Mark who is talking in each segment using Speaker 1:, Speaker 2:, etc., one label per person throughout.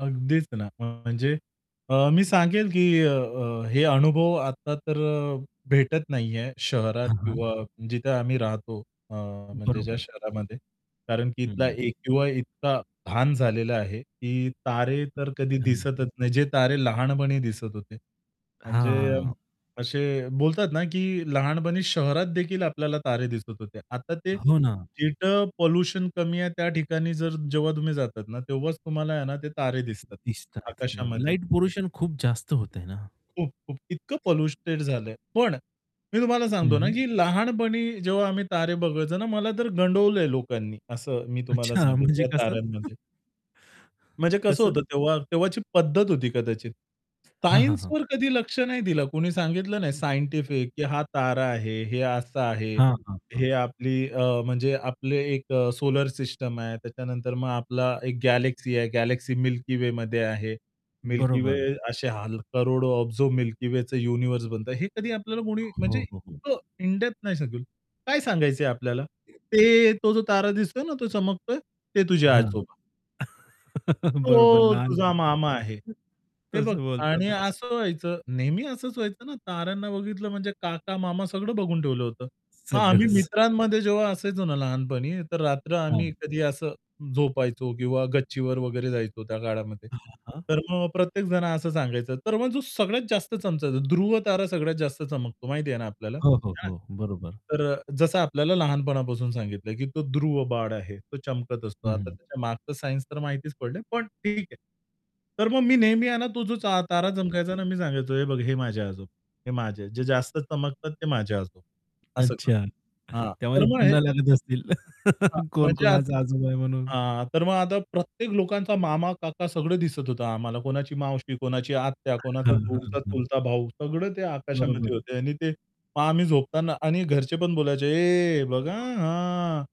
Speaker 1: अगदीच ना अ, म्हणजे अ, मी सांगेल, की अ, अ, हे अनुभव आता, तर अ, भेटत नाहीये शहरात
Speaker 2: हां, हां.
Speaker 1: किंवा जिथे आम्ही राहतो अ, म्हणजे ज्या
Speaker 2: बरोबर.
Speaker 1: शहरामध्ये. कारण की इथला
Speaker 2: हं.
Speaker 1: ए-क्यू-आय इतका धान झालेला आहे, की तारे तर कधी
Speaker 2: अच्छा.
Speaker 1: दिसतच नाहीत, जे तारे लहानपणी दिसत होते. म्हणजे
Speaker 2: हां.
Speaker 1: असे बोलतात ना, की लहानपणी शहरात देखील आपल्याला तारे दिसत होते. आता ते,
Speaker 2: हो ना.
Speaker 1: जिथं पोल्युशन कमी आहे, त्या ठिकाणी जर जेव्हा तुम्ही जातात ना, तेव्हाच तुम्हाला आहे ना ते तारे दिसतात,
Speaker 2: दिसतात बरोबर.
Speaker 1: आकाशामध्ये.
Speaker 2: लाईट पोल्युशन खूप जास्त होतंय ना.
Speaker 1: खूप, खूप. इतकं पॉल्यूटेड झालंय. पण मी तुम्हाला सांगतो ना,
Speaker 2: हं.
Speaker 1: की लहानपणी जेव्हा आम्ही तारे बघायचो ना मला तर गंडवलंय लोकांनी असं मी तुम्हाला
Speaker 2: अच्छा,
Speaker 1: सांगेल
Speaker 2: म्हणजे
Speaker 1: या
Speaker 2: कसं?
Speaker 1: ताऱ्यांमध्ये. म्हणजे कसं
Speaker 2: कसं?
Speaker 1: होतं तेव्हा, तेव्हाची पद्धत होती कदाचित.
Speaker 2: हां, हां, हां.
Speaker 1: सायन्सवर कधी लक्ष नाही दिलं. कुणी सांगितलं नाही सायंटिफिक, की हा तारा आहे, हे असं आहे.
Speaker 2: हां, हां,
Speaker 1: हे
Speaker 2: हां.
Speaker 1: आपली अ, म्हणजे आपली 1 अ, सोलर सिस्टम आहे त्याच्यानंतर मग आपली 1 गॅलेक्सी आहे गॅलेक्सी मिल्की वेमध्ये आहे. मिल्की वे
Speaker 2: बरोबर.
Speaker 1: असे ह करोडो ऑब्झो मिल्की वेच युनिव्हर्स बनतं. हे कधी आपल्याला कोणी म्हणजे
Speaker 2: हो, हो, हो.
Speaker 1: इतकं इन डेप्थ नाही सांगेल. काय सांगायचंय आपल्याला? ते तो जो तारा दिसतोय ना तो चमकतोय ते तुझे
Speaker 2: हां.
Speaker 1: आजोबा.
Speaker 2: बरोबर
Speaker 1: तो
Speaker 2: लहान.
Speaker 1: तुझा मामा आहे. हे बघ
Speaker 2: तसं
Speaker 1: आणि
Speaker 2: बोलतातच.
Speaker 1: असं व्हायचं नेहमी असंच व्हायचं ना ताऱ्यांना बघितलं म्हणजे काका-मामा सगळं बघून ठेवलं होतं. मग आम्ही
Speaker 2: सगळंच.
Speaker 1: मित्रांमध्ये जेव्हा असायचो ना लहानपणी तर रात्र आम्ही
Speaker 2: हां.
Speaker 1: कधी असं झोपायचो किंवा गच्चीवर वगैरे जायचो त्या काळामध्ये.
Speaker 2: हां, हां.
Speaker 1: तर मग प्रत्येक जण असं सांगायचं तर मग जो सगळ्यात जास्त चमकायचा ध्रुव तारा सगळ्यात जास्त चमकतो माहिती आहे ना आपल्याला.
Speaker 2: हो, हो,
Speaker 1: [unintelligible]
Speaker 2: हो. बरोबर.
Speaker 1: तर अ, जसं आपल्याला लहानपणापासून सांगितलं, की तो ध्रुव बाळ आहे तो चमकत असतो. आता
Speaker 2: हं.
Speaker 1: त्याच्या मागचं सायन्स तर माहितीच पडलंय पण ठीक आहे. तर मग मी नेहमी आहे ना तो जो चा तारा चमकायचा आहे ना, मी सांगायचो, "हे बघ हे माझे आजोबा हे माझे जे जास्त चमकतात ते माझे आजोबा," असं. [unintelligible]
Speaker 2: अच्छा,
Speaker 1: हां, तर
Speaker 2: त्यामध्ये
Speaker 1: मग हे
Speaker 2: [unintelligible] लागत असतील.
Speaker 1: हां.
Speaker 2: कोण
Speaker 1: म्हणजे
Speaker 2: कोणाचा आजोबा आहे म्हणून?
Speaker 1: हां, तर मग आता प्रत्येक लोकांचा मामा-काका सगळं दिसत होतं आम्हाला कोणाची मावशी, कोणाची आत्या, कोणाचा
Speaker 2: हां, हां,
Speaker 1: दूरचा
Speaker 2: हां.
Speaker 1: चुलता भाऊ सगळं ते
Speaker 2: बरोबर
Speaker 1: आकाशामध्ये
Speaker 2: आहे.
Speaker 1: होते आणि ते मग आम्ही झोपताना आणि घरचे पण बोलायचे, "ए बघ आ हां,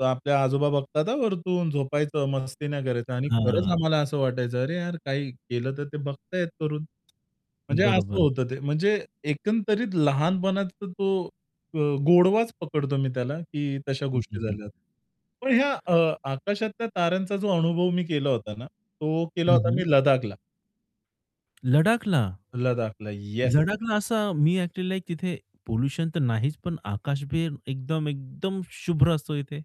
Speaker 1: तर आपल्या आजोबा बघतात आ, वरतून झोपायचं, मस्ती नाही करायचं." आणि खरंच
Speaker 2: हां.
Speaker 1: आम्हाला असं वाटायचं अरे, यार काही केलं तर ते बघताहेत वरून. म्हणजे असं
Speaker 2: बरोबर.
Speaker 1: होतं ते म्हणजे एकंदरीत लहानपणात तो अ, गोडवाच पकडतो मी त्याला, की तशा
Speaker 2: हं,
Speaker 1: गोष्टी
Speaker 2: हं, हं.
Speaker 1: झाल्या. पण ह्या अ, आकाशातल्या ताऱ्यांचा जो अनुभव मी केला होता ना तो केला
Speaker 2: हं,
Speaker 1: होता
Speaker 2: हं.
Speaker 1: मी लदाखला.
Speaker 2: लदाखला
Speaker 1: लदाखला, येस.
Speaker 2: लदाखला असा मी ॲक्चुअली लाइक तिथे पोल्युशन तर नाहीच पण आकाश बी एकदम, एकदम शुभ्र असतो इथे.